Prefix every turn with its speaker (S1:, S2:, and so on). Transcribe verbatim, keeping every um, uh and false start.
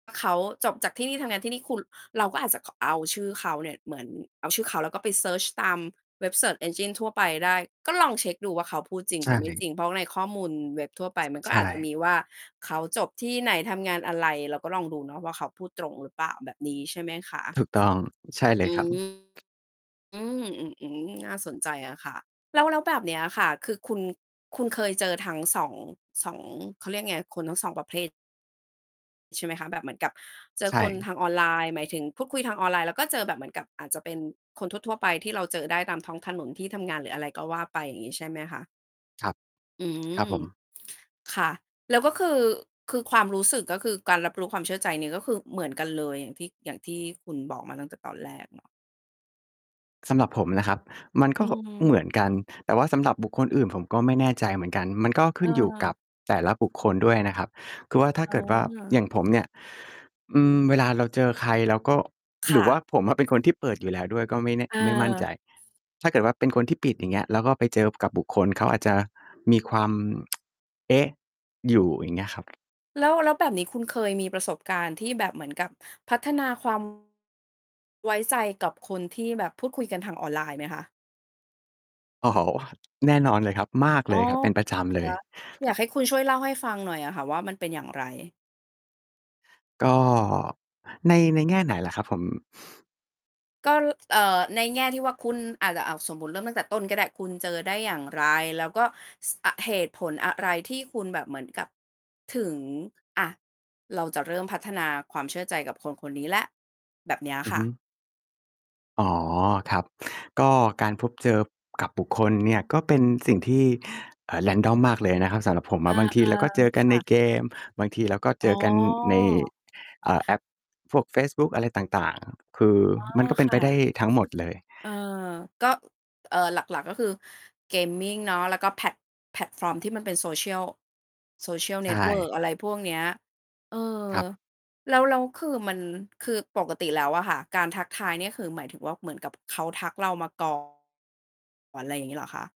S1: เขาจบจากที่นี่ ทำงานที่นี่ คุณ เราก็อาจจะ ข เอาชื่อเขาเนี่ย เหมือนเอาชื่อเขา แล้วก็ไปเซิร์ชตามเว็บ Search Engine ทั่วไปได้ ก็ลองเช็กดูว่า เขาพูดจริ
S2: ใ
S1: ง
S2: ช
S1: หรือไม่จ
S2: ่
S1: ริง เพราะว่าในข้อมูลเว็บทั่วไปมันก็
S2: ใช
S1: อาจจะ
S2: ่
S1: มีว่า เขาจบที่ไหน ทำงานอะไร เราก็ลองดูเนาะว่า เขาพูดตรงหรือเปล่า แบบนี้ใช่ไหมคะ?
S2: ถูกต้อง ใช่เล
S1: อ
S2: ย
S1: ื
S2: ครับ
S1: ม อืม อือ อืม น่าสนใจอะค่ะ แล้ว แล้วแบบเนี้ยค่ะ คือคุณ คุณเคยเจอทั้ง สอง สอง เขาเรียกไง คนทั้ง สอง ประเภท ใช่ไหมคะ? แบบเหมือนกับเจ
S2: ใ
S1: อ
S2: ช
S1: คนท
S2: ่
S1: างออนไลน์ หมายถึงพูดคุยทางออนไลน์ แล้วก็เจอแบบเหมือนกับ อาจจะเป็นคนทั่ว ๆ ไปที่เราเจอได้ตามท้องถนน ที่ทำงาน หรืออะไรก็ว่าไป อย่างงี้ ใช่ไหมคะ?
S2: ครับ
S1: อืม
S2: ครับผม
S1: ค่ะ แล้วก็คือ คือ ความรู้สึก ก็คือการรับรู้ความเชื่อใจนี่ก็คือเหมือนกันเลย อย่างที่ อย่างที่คุณบอกมาตั้งแต่ตอนแรกเนาะ
S2: สำหรับผมนะครับ มัน
S1: อ
S2: ก
S1: ื
S2: ็แบบเ
S1: ม
S2: หมือนกัน แต่ว่าสำหรับบุคคลอื่นผมก็ไม่แน่ใจเหมือนกัน มันก็ขึ้นอยู่ก
S1: เออ
S2: ับแต่ละบุคคลด้วยนะครับ คือว่าถ้า
S1: อ
S2: เกิดว่า อย
S1: า
S2: ่างผมเนี่ย อืม เวลาเราเจอใคร เราก็
S1: ค
S2: หร
S1: ่
S2: ือว
S1: ะ
S2: ่า ผมอะเป็นคนที่เปิดอยู่แล้วด้วย ก็ไม่แน่ ไม่มั่นใจ
S1: เออ
S2: ถ้าเกิดว่าเป็นคนที่ปิด อย่างเงี้ย แล้วก็ไปเจอกับบุคคล เขาอาจจะมีความ เอ๊ะ อยู่ อย่างเงี้ยครับ
S1: แล้ว แล้วแบบนี้คุณเคยมีประสบการณ์ที่แบบเหมือนกับพัฒนา ความ ไว้ใจกับคนที่แบบพูดคุยกันทางออนไลน์ไหมคะ?
S2: อ๋อ แน่นอนเลยครับ มาก
S1: อ๋
S2: เล
S1: อ
S2: ยครับ เป็นประจำเ
S1: ค
S2: ล
S1: ่
S2: ย
S1: ะ อยากให้คุณช่วยเล่าให้ฟังหน่อยอะค่ะว่า มันเป็นอย่างไร?
S2: ก็ ใน ในแง่ไหนล่ะครับผม?
S1: ก็ เอ่อ ในแง่ที่ว่าคุณอาจจะ อ้าว สมมุติเริ่มตั้งแต่ต้นก็ได้ คุณเจอได้อย่างไร? แล้วก็ ส อ เหตุผลอะไรที่คุณแบบเหมือนกับ ถึง อะ เราจะเริ่มพัฒนาความเชื่อใจกับคนคนนี้แล้ว? แบบเนี้ย
S2: อื
S1: ค
S2: อ
S1: ่
S2: ฮึ
S1: ะ
S2: อ๋อ ครับ ก็การพบเจอกับบุคคลเนี่ย ก็เป็นสิ่งที่ เอ่อ random มากเลยนะครับ สำหรับผม
S1: อ
S2: อ
S1: า
S2: ะ บางทีเราก็เจอก
S1: ๆ
S2: ั
S1: ค
S2: น
S1: ่
S2: ใน
S1: ะ
S2: เกม บางทีเราก็เ
S1: อ๋
S2: จอกันใน
S1: อ
S2: อ่า แอปพวกเฟซบุ๊ก อะไรต่าง ๆ คือ
S1: อ๋อ
S2: มันก็เป็
S1: ค
S2: นไ
S1: ่
S2: ปได
S1: ะ
S2: ้ทั้งหมดเลย
S1: เออ ก็ เอ่อ หลัก ๆ ก็คือ gaming เนาะ แล้วก็แพลต แพลตฟอร์มที่มันเป็น social social
S2: ใช
S1: network
S2: ่
S1: อะไรพวกเนี้ย เออ
S2: ครับ
S1: แล้ว แล้วคือมัน คือปกติแล้วอะค่ะการทักทายเนี่ยคือ หมายถึงว่า เหมือนกับเขาทักเรามา ก่อน ไรอย่างงี้เหรอคะ?